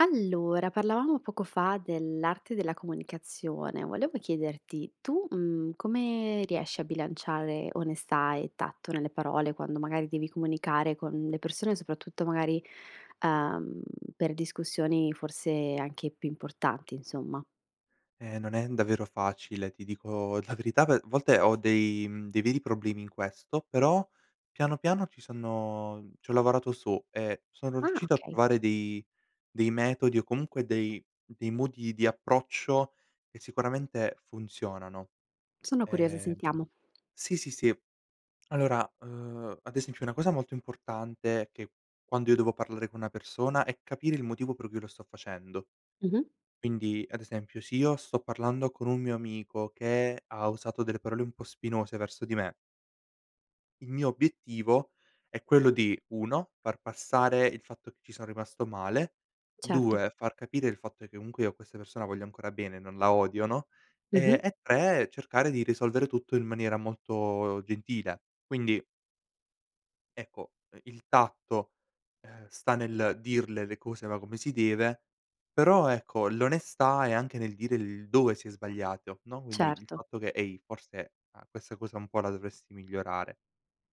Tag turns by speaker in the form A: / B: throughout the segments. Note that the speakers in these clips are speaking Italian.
A: Allora parlavamo poco fa dell'arte della comunicazione, volevo chiederti tu, mhmm, come riesci a bilanciare onestà e tatto nelle parole, quando magari devi comunicare con le persone soprattutto magari, uhm, per discussioni forse anche più importanti insomma?
B: Eh non è n davvero facile, ti dico la verità ve volte ho dei, mhmm, dei veri problemi in questo però piano, piano ci sono c'ho lavorato su e sono
A: Ah,
B: riuscito a
A: okay.
B: trovare dei dei metodi o comunque dei dei modi di approccio che sicuramente funzionano,
A: Sono curiosa,
B: ehm
A: sentiamo.
B: Sì, sì, sì, allora, uhm, ad esempio una cosa molto importante è che quando io devo parlare con una persona è capire il motivo per cui lo sto facendo
A: Mh-mh.
B: quindi ad esempio se io sto parlando con un mio amico che ha usato delle parole un po' spinose verso di me il mio obiettivo è quello di 1 far passare il fatto che ci son rimasto male,
A: Certo.
B: 2 far capire il fatto che comunque io a questa persona voglio ancora bene non la odio, no,
A: Mh-mh.
B: e e 3 cercare di risolvere tutto in maniera molto gentile quindi ecco, ehm, il tatto, ehm, sta nel dirle le cose va come si deve. Però ecco l'onestà è anche nel dire il dove si è sbagliato, no, quindi il
A: Certo.
B: fatto che: "Ehi forse a questa cosa un po' la dovresti migliorare,"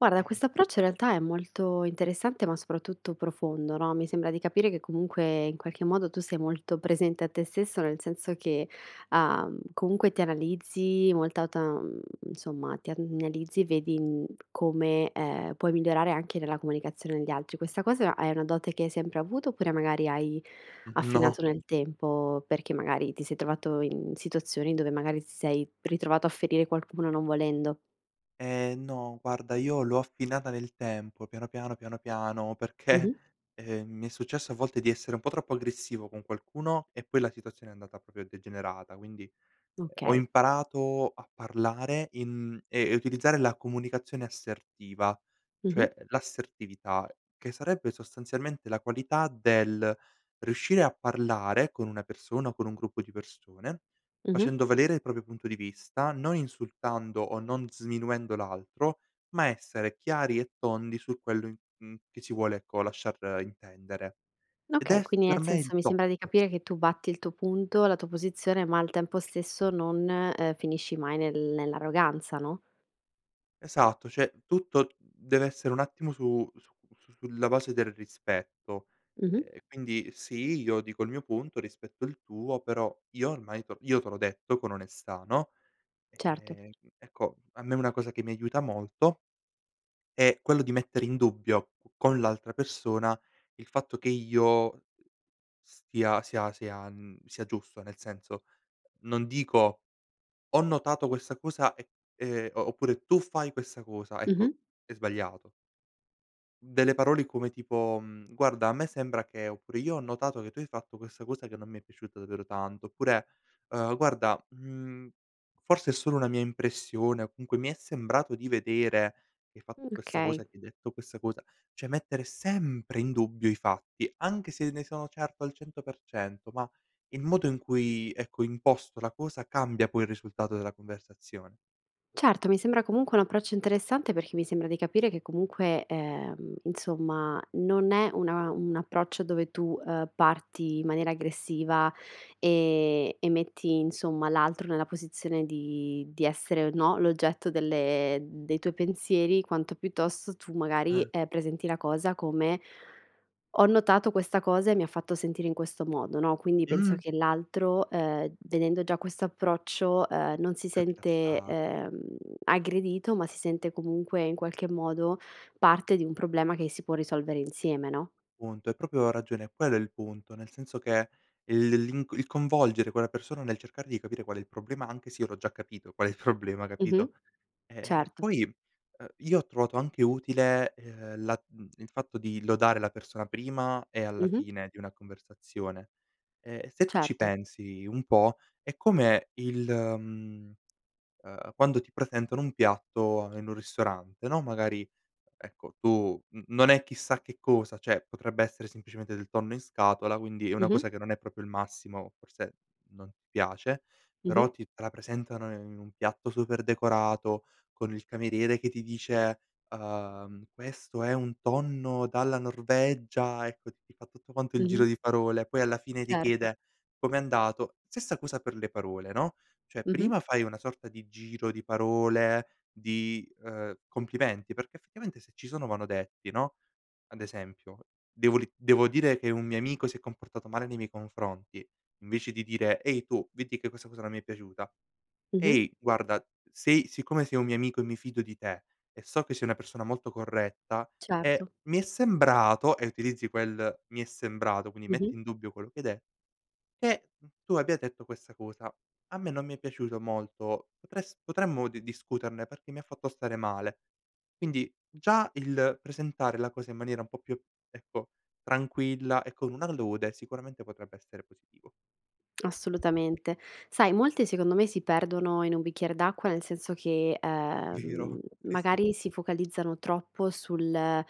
A: Guarda,
B: ehm
A: questo approccio in realtà è molto interessante ma soprattutto profondo, no, mi sembra di capire che comunque in qualche modo tu sei molto presente a te stesso, nel senso che, uhm, comunque ti analizzi molta ta uhm, insomma ti analizzi vedi, uhm, come, ehm, puoi migliorare anche nella comunicazione agli altri. Questa cosa a è una dote che hai sempre avuto, oppure magari hai
B: Mh, no.
A: affinato nel tempo, perché magari ti sei trovato in situazioni dove magari ti sei ritrovato a ferire qualcuno non volendo?
B: Ehm, no guarda io l'ho affinata nel tempo piano, piano, piano, piano, perché,
A: Mh-mh.
B: ehm, mi è successo a volte di essere un po' troppo aggressivo con qualcuno e poi la situazione è andata proprio a degenerata. Quindi, ehm, ho
A: Okay.
B: imparato a parlare in ehm, e utilizzare la comunicazione assertiva,
A: Mh-mh.
B: cioè l'assertività che sarebbe sostanzialmente la qualità del riuscire a parlare con una persona o con un gruppo di persone,
A: Mh-mh.
B: facendo valere il proprio punto di vista, non insultando o non sminuendo l'altro ma essere chiari e tondi su quello in mhmm, che ci vuole ecco lasciar intendere. Ed
A: Okay,
B: è
A: quindi
B: per
A: nel
B: me il
A: senso mi
B: top.
A: sembra di capire che tu batti il tuo punto, la tua posizione, ma al tempo stesso non, ehm, finisci mai nel nell'arroganza, no?
B: Esatto, cioè tutto deve essere un attimo su su su sulla base del rispetto,
A: Mh-mh.
B: ehm, quindi sì, io dico il mio punto, rispetto il tuo, però io ormai te l io te l'ho detto con onestà, no,
A: Certo.
B: ehm, ecco a me una cosa che mi aiuta molto è quello di mettere in dubbio co con l'altra persona, il fatto che io, uh, stia sia sia, mhmm, sia giusto, nel senso non dico: "Ho notato questa cosa e" ehm, o oppure: "Tu fai questa cosa" ecco
A: Mh-mh.
B: è sbagliato. Delle parole come tipo, mhmm, "guarda a me sembra che" oppure "io ho notato che tu hai fatto questa cosa che non mi è piaciuta davvero tanto" oppure, "uhm, guarda, mhmm, forse è solo una mia impressione o comunque mi è sembrato di vedere che hai fatto
A: Mh,
B: questa cosa,
A: kay.
B: che hai detto questa cosa". Cioè, mettere sempre in dubbio i fatti, anche se ne sono certo al 100% ma il modo in cui ecco, imposto la cosa, cambia poi il risultato della conversazione.
A: Certo, mi sembra comunque un approccio interessante, perché mi sembra di capire che comunque, ehm, insomma non è una un approccio dove tu, ehm, parti in maniera aggressiva, ehm, e metti insomma l'altro nella posizione di di essere o, no, l'oggetto delle dei tuoi pensieri quanto piuttosto tu magari,
B: Eh.
A: ehm, presenti la cosa come: "Ho notato questa cosa e mi ha fatto sentire in questo modo," no, quindi penso
B: Mh!
A: che l'altro, ehm, vedendo già quest'approccio, ehm, non si
B: Più
A: sente,
B: rilassa
A: ehm, aggredito ma si sente, comunque in qualche modo, parte di un problema che si può risolvere insieme, no?
B: Punto, hai proprio ragione e quello è il punto. Nel senso che il l'inc il coinvolgere quella persona nel cercare di capire qual è il problema anche se io l'ho già capito qual è il problema,
A: Mh-mh,
B: capito, ehm,
A: certo.
B: poi, uh, io ho trovato anche utile, ehm, la mhmm, il fatto di lodare la persona prima e alla
A: Mh-mh.
B: fine di una conversazione, e e se tu ci
A: Certo.
B: pensi un po' è come il mhmm, ehm, quando ti presentano un piatto in un ristorante, no, magari ecco tu n non è chissà che cosa, cioè potrebbe essere semplicemente del tonno in scatola, quindi è una
A: Mh-mh.
B: cosa che non è proprio il massimo forse non ti piace però
A: Mh-mh.
B: ti te la presentano in un piatto super decorato con il cameriere che ti dice: "Uhm, questo è un tonno dalla Norvegia" ecco ti ti fa tutto quanto il giro
A: Mh-mh.
B: di parole poi alla fine ti
A: Certo.
B: chiede: "Com'è andato?" Stessa cosa per le parole, no, cioè
A: Mh-mh.
B: prima fai una sorta di giro di parole di, ehm, complimenti perché effettivamente se ci sono vanno detti, no, ad esempio devo ri devo dire che un mio amico si è comportato male nei miei confronti invece di dire: "Ehi, tu veti che questa cosa non mi è piaciuta.
A: Mh-mh.
B: Ehi guarda sei siccome sei un mio amico e mi fido di te e so che sei una persona molto corretta, eh
A: Certo.
B: mi è sembrato", e utilizzi quel, mi è sembrato, quindi metti
A: Mh-mh.
B: in dubbio quello che hai de "Che tu abbia detto questa cosa, a me non mi è piaciuto molto potres potremmo di discuterne perché mi ha fatto stare male". Quindi già il presentare la cosa in maniera un po' più ecco tranquilla e con una lode sicuramente potrebbe essere positivo.
A: Assolutamente. Sai molte secondo me si perdono in un bicchiere d'acqua nel senso che, ehm,
B: Vero, sì, sì.
A: magari si focalizzano troppo sul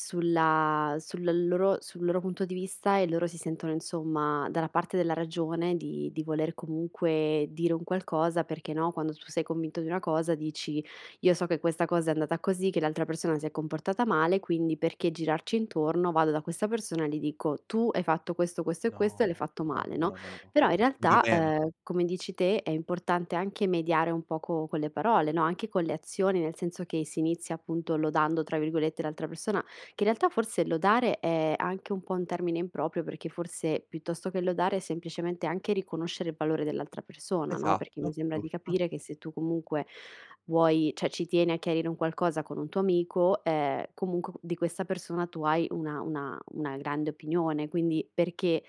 A: sulla sulla loro sul loro punto di vista e loro si sentono insomma dalla parte della ragione di di voler comunque dire un qualcosa perché, no, quando tu sei convinto di una cosa dici: "Io so che questa cosa è andata così, che l'altra persona si è comportata male, quindi perché girarci intorno, vado da questa persona gli dico: "Tu hai fatto questo, questo e questo e
B: No,
A: l'hai fatto
B: no,
A: male,"
B: no,
A: no,
B: no, no, no,
A: però in
B: non va
A: realtà,
B: bene.
A: ehm, come dici te è importante anche mediare un poco con le parole, no, anche con le azioni nel senso che, si inizia appunto "lodando" tra virgolette l'altra persona, che in realtà forse lodare è anche un po' un termine improprio perché forse piuttosto che lodare è semplicemente anche riconoscere il valore dell'altra persona, no, perché mi
B: Esatto,
A: sembra di
B: giusto.
A: capire che se tu comunque vuoi cioè ci tieni a chiarire un qualcosa con un tuo amico, ehm comunque qu di questa persona tu hai una una una grande opinione quindi perché,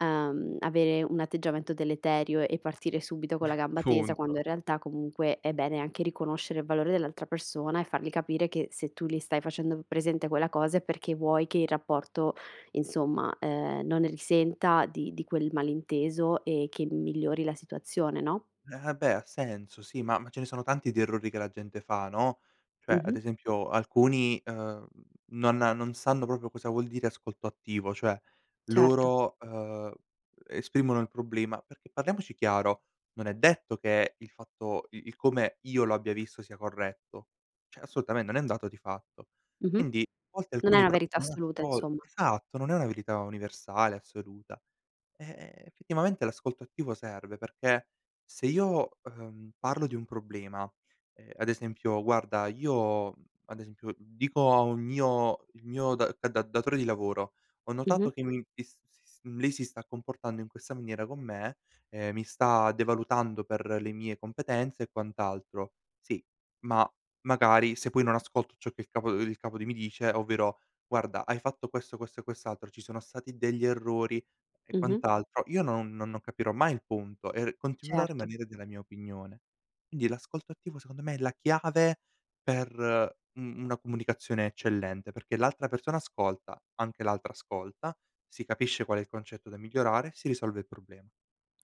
A: uhm, avere un atteggiamento deleterio e partire subito con la gamba tesa quando
B: Punto.
A: in realtà comunque è bene anche riconoscere il valore dell'altra persona e fargli capire che se tu li stai facendo m presente quella cosa è perché vuoi che il rapporto insomma, ehm, non ne risenta di di quel malinteso e che m migliori la situazione, no?
B: Eh ah beh, ha senso sì, ma ma ce ne sono tanti di errori che la gente fa, no, cioè ad
A: Mh-mh.
B: esempio alcuni, ehm, non a non sanno proprio cosa vuol dire ascolto attivo. Cioè
A: Certo.
B: loro, uhm, esprimono il problema perché parliamoci chiaro non è detto che il fatto il il come io lo abbia visto sia corretto, cioè assolutamente non è un dato di fatto.
A: Mh-mh,
B: Quindi a volte
A: non è
B: alcuni
A: una
B: pro
A: verità
B: non
A: assoluta
B: ascol
A: insomma.
B: esatto non è una verità universale assoluta, eh, effettivamente l'ascolto attivo serve perché se io, uhm, parlo di un problema, ehm, ad esempio: "Guarda io" ad esempio dico a un mio il mio da da da datore di lavoro: "Ho notato
A: Mh-mh.
B: che mi m pis sis lei si sta comportando in questa maniera con me e mi sta devalutando per le mie competenze e quant'altro." Sì ma magari se poi non ascolto ciò che il capo, ehm, il capo di mi dice ovvero: "Guarda hai fatto questo, questo e quest'altro. Ci sono stati degli errori e
A: Mh-mh.
B: quant'altro" io non non non capirò mai il punto e r continuerò a
A: Certo.
B: rimanere della mia opinione. Quindi l'ascolto attivo secondo me è la chiave per u una comunicazione eccellente perché l'altra persona ascolta, anche l'altra ascolta, si capisce qual è il concetto da migliorare, si risolve il problema.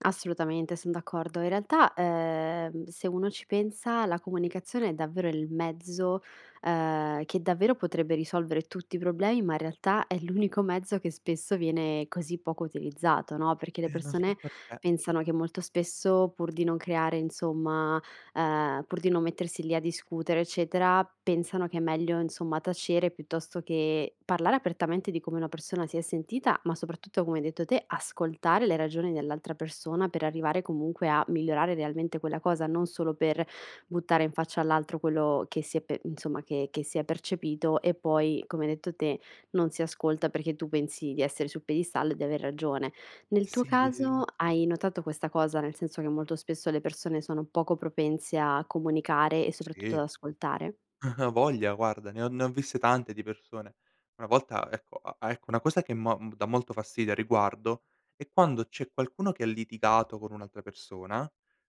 A: Assolutamente son d'accordo. In realtà, ehm, se uno ci pensa la comunicazione è davvero il mezzo, ehm, che davvero potrebbe risolvere tutti i problemi ma in realtà è l'unico mezzo che spesso viene così poco utilizzato, no, perché le
B: Eh, non so
A: persone
B: perché.
A: pensano che molto spesso pur di non creare insomma ehm, pur di non mettersi lì a discutere eccetera pensano che è meglio insomma tacere piuttosto che parlare apertamente di come una persona si è sentita, ma soprattutto come hai detto te, ascoltare le ragioni dell'altra persona per arrivare comunque a migliorare realmente quella cosa, non solo per buttare in faccia all'altro quello che si è pe insomma che che si è percepito e poi come hai detto te, non si ascolta perché tu pensi di essere sul piedistallo e di aver ragione.
B: Eh
A: Nel tuo
B: si,
A: caso,
B: en
A: hai notato questa cosa, nel senso che molto spesso le persone sono poco propense a comunicare e soprattutto ad
B: Sì.
A: ascoltare?
B: Avoglia guarda ne ho ne ho viste tante di persone. Una volta ecco a a ecco una cosa che mo m dà molto fastidio a riguardo è quando c'è qualcuno che ha litigato con un'altra persona,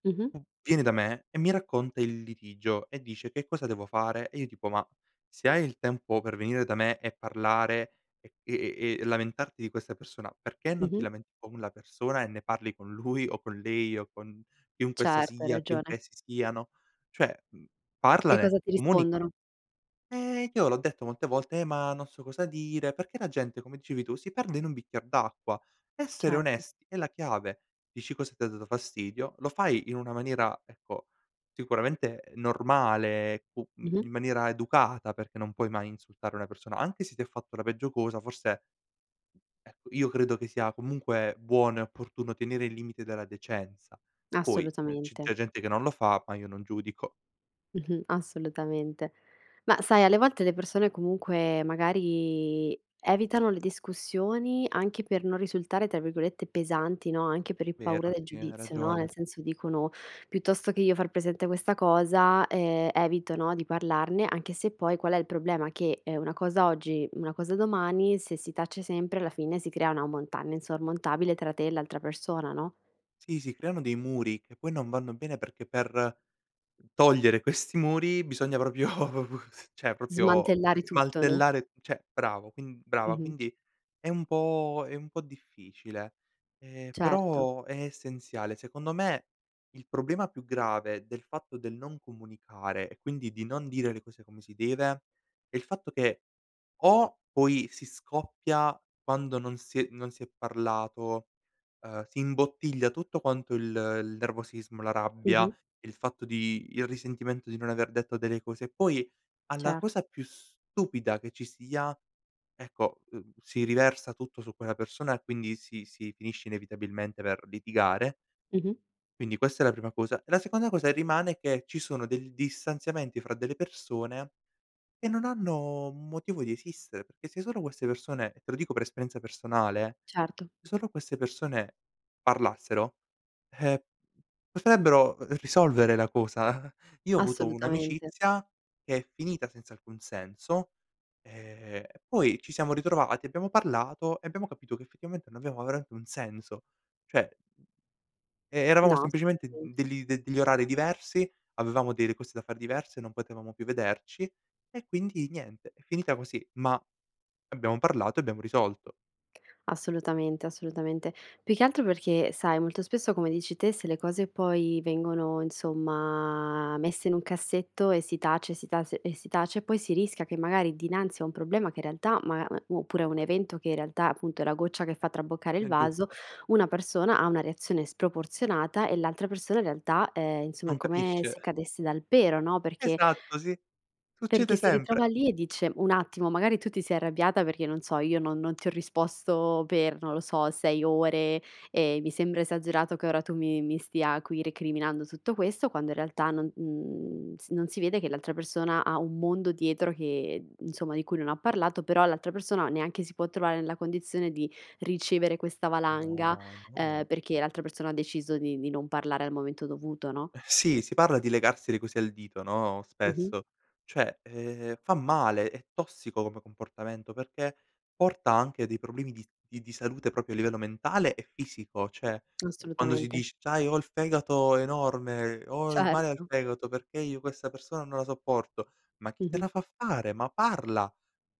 A: Mh-mh.
B: v viene da me e mi racconta il litigio e dice: "Che cosa devo fare?" E io tipo: "Ma se hai il tempo per venire da me e parlare e e e e lamentarti di questa persona perché non ti
A: Mh-mh.
B: lamenti con la persona e ne parli con lui o con lei o con chiunque essa
A: Certo, hai
B: sia,
A: ragione.
B: chiunque essi siano." Cioè, mhmm,
A: E
B: parlane,
A: cosa ti
B: comunica
A: rispondono?
B: eh io l'ho detto molte volte: "Eh ma non so cosa dire." Perché la gente, come dicevi tu, si perde in un bicchier d'acqua, essere
A: Certo.
B: onest è la chiave, dici cosa t'ha dato fastidio, lo fai in una maniera ecco sicuramente normale cu mhmm,
A: Mh-mh.
B: in maniera educata perché non puoi mai insultare una persona anche se ti ha fatto la peggio cosa forse ecco io credo che sia comunque buono e opportuno tenere il limite della decenza. Poi eh, c'è
A: Assolutamente.
B: ge gente che non lo fa, ma io non giudico.
A: Mh-mh. Assolutamente. Ma sai alle volte le persone comunque magari evitano le discussioni, anche per non risultare tra virgolette "pesanti," no, anche per il paura
B: Vero,
A: del
B: sì hai
A: giudizio, no, nel
B: ragione.
A: senso dicono: "Piuttosto che io far presente questa cosa, ehm, evito no, di parlarne" anche se poi qual è il problema, che è una cosa oggi, una cosa domani, se si tace sempre alla fine si crea una montagna insormontabile tra te e l'altra persona no?
B: Sì, si creano dei muri che poi non vanno bene perché per togliere questi muri bisogna proprio cioè proprio
A: Smantellare tutto, no?
B: smantellare cioè bravo quin brava
A: Mh-mh.
B: quindi è un po' è un po' difficile, ehm,
A: Certo.
B: però è essenziale. Secondo me, il problema più grave del fatto del non comunicare e quindi di non dire le cose come si deve è il fatto che, o poi si scoppia quando non si è non si è parlato, ehm, si imbottiglia tutto quanto il il nervosismo, la rabbia,
A: Mh-mh.
B: il fatto di il risentimento di non aver detto delle cose e poi alla
A: Cert
B: cosa più stupida che ci sia ecco, uhm, si riversa tutto su quella persona e quindi si si finisce inevitabilmente per litigare
A: Mh-mh.
B: quindi questa è la prima cosa. E la seconda cosa e rimane, che ci sono del distanziamenti fra delle persone che non hanno motivo di esistere, perché se solo queste persone, te lo dico per esperienza personale,
A: Certo.
B: solo queste persone parlassero, ehm, potrebbero r risolvere la cosa. Io ho avuto
A: Assolutamente.
B: un'amicizia che è finita senza alcun senso, ehm, e poi ci siamo ritrovati, abbiamo parlato e abbiamo capito che effettivamente non aveva veramente un senso, cioè [unintelligible] e eravamo
A: No,
B: semplicemente d
A: assolutamente.
B: degli de degli orari diversi, avevamo delle cose da fare diverse, non potevamo più vederci e quindi niente è finita così ma abbiamo parlato e abbiamo risolto.
A: Assolutamente, assolutamente. Più che altro perché, sai molto spesso come dici te, se le cose poi vengono insomma messe in un cassetto e si tace e si tase e si tace poi si rischia che magari dinanzi a un problema che in realtà ma m mu oppure a un evento che in realtà appunto è la goccia che
B: Eh,
A: fa traboccare il
B: è
A: vaso
B: giusto.
A: una persona ha una reazione sproporzionata e l'altra persona in realtà, ehm, insomma è
B: Non
A: come se
B: capisce.
A: cadesse dal pero, no, perché
B: Esatto, sì
A: perché
B: succede
A: si
B: sempre.
A: ritrova lì e dice: "Un attimo magari tu ti sei arrabbiata perché non so io non non ti ho risposto per non lo so, 6 ore e mi sembra esagerato che ora tu mi mi stia qui recriminando tutto questo" quando in realtà non, mhmm, s non si vede che l'altra persona ha un mondo dietro che, ehm, insomma di cui non ha parlato però l'altra persona neanche si può trovare nella condizione di ricevere questa valanga,
B: No,
A: ehm,
B: no.
A: perché l'altra persona ha deciso di di non parlare al momento dovuto, no?
B: Eh sì, si parla di legarsi le cose al dito, no,
A: Mh-mh.
B: spesso. Cioè, ehm, fa male, è tossico come comportamento perché porta anche dei problemi di s di di salute proprio a livello mentale e fisico. Cioè, ehm, quando si
A: Assolutamente.
B: dice: "C'hai ho il fegato enorme, ho il male al
A: Certo.
B: fegato perché io questa persona non la sopporto." Ma chi te
A: Mh-mh.
B: la fa fare? Ma parla.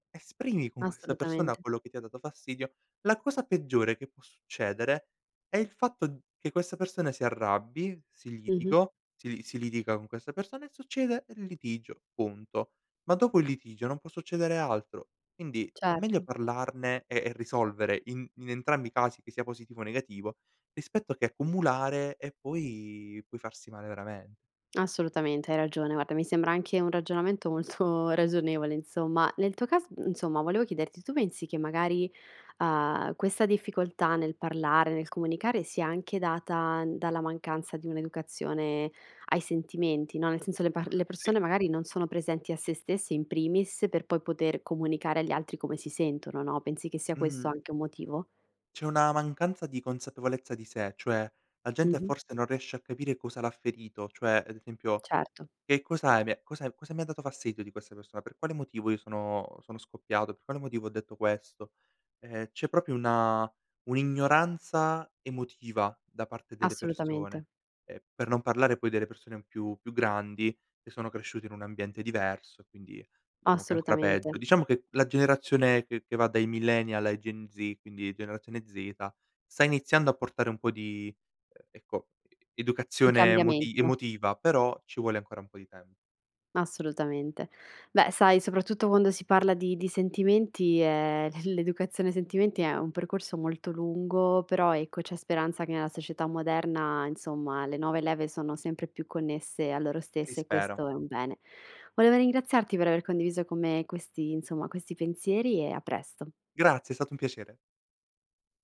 B: Esprimi con questa persona
A: Assolutamente.
B: quello che ti ha dato fastidio, la cosa peggiore che può succedere è il fatto d che questa persona si arrabbi, si
A: Mh-mh.
B: litigo si li si litiga con questa persona e succede il litigio punto. Ma dopo il litigio non può succedere altro. Quindi è meglio
A: Certo.
B: parlarne e e risolvere in in entrambi i casi, che sia positivo o negativo, rispetto che accumulare e poi poi farsi male veramen
A: Assolutamente, hai ragione guarda mi sembra anche un ragionamento molto ragionevole insomma. Nel tuo cas insomma volevo chiederti, tu pensi che magari, uhm, questa difficoltà nel parlare, nel comunicare sia anche data dalla mancanza di un'educazione ai sentimenti, no, nel senso le par le
B: Sì.
A: persone magari non sono presenti a se stesse in primis, per poi poter comunicare agli altri come si sentono, no, pensi che sia questo
B: Mh-mh.
A: anche un motivo?
B: C'è una mancanza di consapevolezza di sé, cioè la gente
A: Mh-mh.
B: forse non riesce a capire cosa l'ha ferito, cioè ad esempio:
A: Certo.
B: "Che cosa hai me cose m cosa mi ha dato fastidio di questa persona, per quale motivo io sono sono scoppiato, per quale motivo ho detto questo?" Ehm, c'è proprio una un'ignoranza emotiva da parte delle persone,
A: Assolutamente.
B: ehm, per non parlare poi delle persone più più grandi che sono cresciuti in un ambiente diverso e quindi diciamo che è ancora
A: Assolutamente.
B: peggio. Diciamo che la generazione che che va dai millennial ai Gen Z quindi generazione zeta, sta iniziando a portare un po' di, ehm, ecco e
A: Di
B: educazione moti
A: cambiamento.
B: emotiva però ci vuole ancora un po' di tem
A: Assolutamente. Beh, sai soprattutto quando si parla di di sentimenti, ehm, l l'educazione ai sentimenti è un percorso molto lungo però ecco c'è speranza che nella società moderna insomma le nuove leve sono sempre più connesse a loro
B: Sì
A: stesse e
B: spera.
A: questo è un bene. Voleva ringraziarti per aver condiviso con me questi insomma questi pensieri e a presto.
B: Grazie è stato un piacere.